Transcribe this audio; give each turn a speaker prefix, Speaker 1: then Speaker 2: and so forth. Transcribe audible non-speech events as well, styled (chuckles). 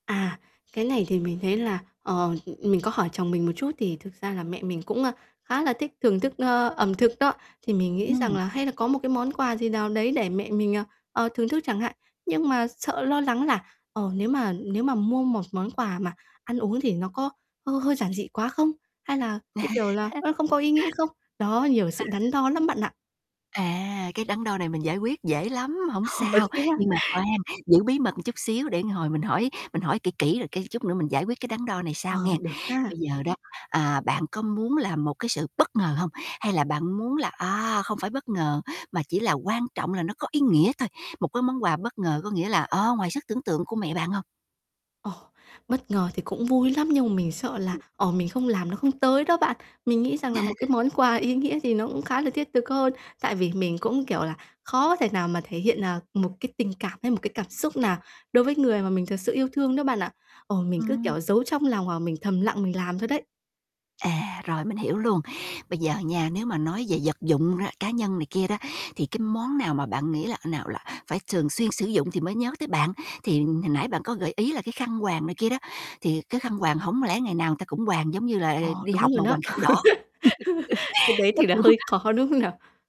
Speaker 1: À, cái này thì mình thấy là, ờ, ừ, ừm, mình có hỏi chồng mình một chút thì thực ra là mẹ mình cũng, a, khá là thích thưởng thức, ơ, ẩm thực đó, thì mình nghĩ rằng
Speaker 2: Ừm.
Speaker 1: là hay là có một cái món quà gì nào đấy để mẹ mình, à, ờ, thưởng thức chẳng hạn. Nhưng mà sợ lo lắng là, ờ, nếu mà nếu mà mua một món quà mà ăn uống thì nó có hơi hơi giản dị quá không? Hay là, cái, kiểu là,
Speaker 2: (laughs)
Speaker 1: nó không có ý nghĩa không? Đó, nhiều sự
Speaker 2: (unintelligible)
Speaker 1: đắn đo lắm bạn ạ.
Speaker 2: À, cái đắn đo này mình giải quyết dễ lắm, hổng
Speaker 1: Ồ,
Speaker 2: sao,
Speaker 1: thế á?
Speaker 2: nhưng mà khoan, giữ bí mật một chút xíu để hồi mình hỏi mình hỏi kỹ kỹ rồi, cái, chút nữa mình giải quyết cái đắn đo này
Speaker 1: Ờ,
Speaker 2: sau nghe.
Speaker 1: được ha.
Speaker 2: Bây giờ đó, à, bạn có muốn là một cái sự bất ngờ hông? Hay là bạn muốn là, à, không phải bất ngờ mà chỉ là quan trọng là nó có ý nghĩa thôi, một cái món quà bất ngờ có nghĩa là, ờ, ngoài sức tưởng tượng của mẹ bạn hông?
Speaker 1: Ồ! Bất ngờ thì cũng vui lắm nhưng mà mình sợ là, ờ, mình không làm nó không tới đó bạn. Mình nghĩ rằng là một cái
Speaker 2: (chuckles)
Speaker 1: món quà ý nghĩa gì nó cũng khá là thiết thực hơn tại vì mình cũng, kiểu là, khó thể nào mà thể hiện, à, một cái tình cảm hay một cái cảm xúc nào đối với người mà mình thật sự yêu thương đó bạn ạ. Ồ, mình cứ,
Speaker 2: Ừm.
Speaker 1: kiểu, giấu trong lòng hoặc là mình thầm lặng mình làm thôi đấy.
Speaker 2: À, rồi mình hiểu luôn, bây giờ nha, nếu mà nói về vật dụng đó, cá nhân này kia đó, thì cái món nào mà bạn nghĩ là nào là phải thường xuyên sử dụng thì mới nhớ tới bạn? Thì hồi nãy bạn có gợi ý là cái khăn quàng này kia đó, thì cái khăn quàng hổng lẽ ngày nào người ta cũng quàng giống như là
Speaker 1: Ồ,
Speaker 2: đi
Speaker 1: đúng
Speaker 2: học
Speaker 1: như
Speaker 2: mà
Speaker 1: nó.
Speaker 2: quàng khăn đỏ.
Speaker 1: (laughs) Cái đấy
Speaker 2: (laughs) Nó
Speaker 1: thì là
Speaker 2: cũng
Speaker 1: hơi khó, đúng không nào?